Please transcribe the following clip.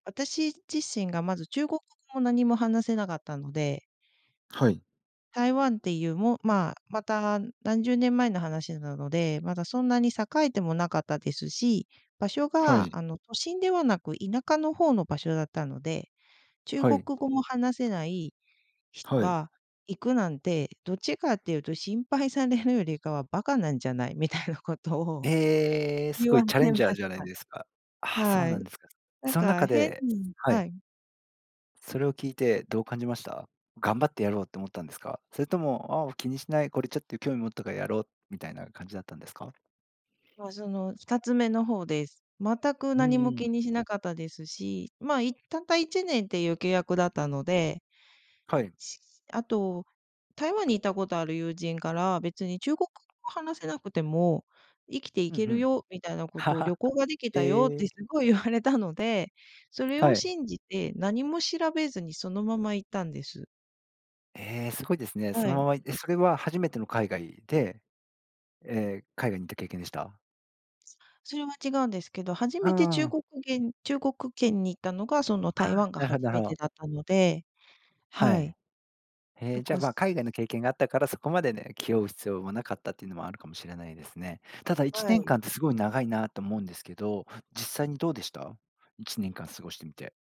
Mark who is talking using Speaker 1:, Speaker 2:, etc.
Speaker 1: 私自身がまず、中国語も何も話せなかったので
Speaker 2: はい。
Speaker 1: 台湾っていうもまあ、また何十年前の話なので、まだ、そんなに栄えてもなかったですし、場所
Speaker 2: は
Speaker 1: が、
Speaker 2: い。
Speaker 1: あの、都心ではなく、田舎の方の場所だったので、中
Speaker 2: は
Speaker 1: 国
Speaker 2: い。
Speaker 1: 語も話せない人
Speaker 2: はい。
Speaker 1: が行くなんて、どっちかっていうと心配されるよりかは、馬鹿なんじゃないみたいなことを、
Speaker 2: ええ、す
Speaker 1: 言
Speaker 2: ごい
Speaker 1: われ
Speaker 2: チャレン
Speaker 1: ま
Speaker 2: ジャー
Speaker 1: し
Speaker 2: じゃないですか。
Speaker 1: た。
Speaker 2: あ、そう
Speaker 1: は
Speaker 2: な
Speaker 1: い。
Speaker 2: んですか。
Speaker 1: なん
Speaker 2: そん
Speaker 1: か、
Speaker 2: 中
Speaker 1: 変
Speaker 2: で
Speaker 1: に
Speaker 2: はい。
Speaker 1: はい。
Speaker 2: それを聞いてどう感じました？頑張ってやろうって思ったんですか？それとも、あう、気にしない、これ、ちょっと、興味持ったからやろう、みたいな感じだったんですか？
Speaker 1: まあ、その2つ目の方です。全く
Speaker 2: うん
Speaker 1: 何
Speaker 2: う
Speaker 1: も
Speaker 2: ん。
Speaker 1: 気にしなかったですし、まあ、いったった1年っていう契約だったので
Speaker 2: はい。
Speaker 1: しあと、台湾に行ったことある友人から「別に中国語が話せなくても、生きてい
Speaker 2: うん、
Speaker 1: け
Speaker 2: ふ
Speaker 1: る
Speaker 2: ん。
Speaker 1: よ」みたいなことを「旅行が できた
Speaker 2: へ
Speaker 1: よ」って
Speaker 2: え。
Speaker 1: すごい言われたので、それ
Speaker 2: は
Speaker 1: を
Speaker 2: い。
Speaker 1: 信じて、何も調べずにそのまま行ったんです。
Speaker 2: ええ、すごいですね。そ
Speaker 1: は
Speaker 2: の
Speaker 1: い。
Speaker 2: まま、いえ、それは、初めての海外で、ええ、海外に行った経験でした？
Speaker 1: それは違うんですけど、初
Speaker 2: う
Speaker 1: めて
Speaker 2: ー
Speaker 1: 中
Speaker 2: ん。
Speaker 1: 国げん中国圏に行ったのがその
Speaker 2: あ
Speaker 1: 台
Speaker 2: あ、
Speaker 1: 湾が
Speaker 2: なるほ
Speaker 1: 初
Speaker 2: な
Speaker 1: めて
Speaker 2: ほ
Speaker 1: だったので。
Speaker 2: は
Speaker 1: は
Speaker 2: い。
Speaker 1: い。
Speaker 2: へ
Speaker 1: だ
Speaker 2: え、じゃ、
Speaker 1: か
Speaker 2: ま
Speaker 1: す
Speaker 2: あ、海外の経験があったから、そこまでね、気負う必要もなかったっていうのもあるかもしれないですね。ただいち
Speaker 1: は
Speaker 2: ねん
Speaker 1: い。
Speaker 2: かんってすごい長いなと思うんですけど、実際にどうでした？1年間過ごしてみて？